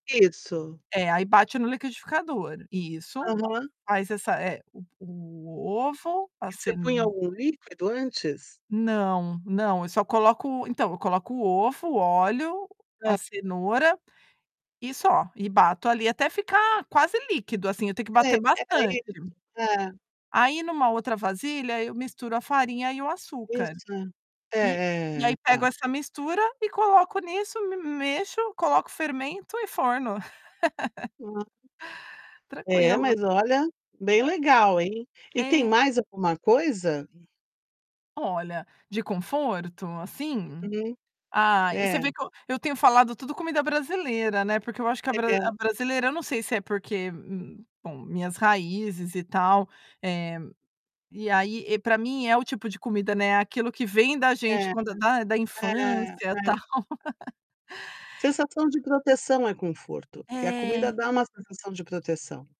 Isso. É, aí bate no liquidificador. Isso. Aham. Faz essa eh, o o ovo, a E você punha ceno algum líquido antes? Não, não. Eu só coloco então eu coloco o ovo, o óleo, Hã. a cenoura, e só. E bato ali até ficar quase líquido assim. Eu tenho que Sei. bater É, bastante. isso. Hã. Aí em uma outra vasilha, eu misturo a farinha e o açúcar. Isso é, E e é, é. aí pego Tá. essa mistura e coloco nisso, me mexo, coloco o fermento e forno. [unintelligible] É, Tranquilo. mas olha, bem Ah. legal, hein. E tem É. mais alguma coisa? Olha, de conforto assim? Uhum. Ah, e você É. vê que eu eu tenho falado tudo comida brasileira, né, porque eu acho que a a bra Legal. a brasileira, eu não sei se é porque, bom, minhas raízes e tal. Eh, e aí, eh, para mim é o tipo de comida, né, é aquilo que vem da gente É. quando da da É, é. infância tal. Sensação de proteção é conforto. E a É. comida dá uma sensação de proteção.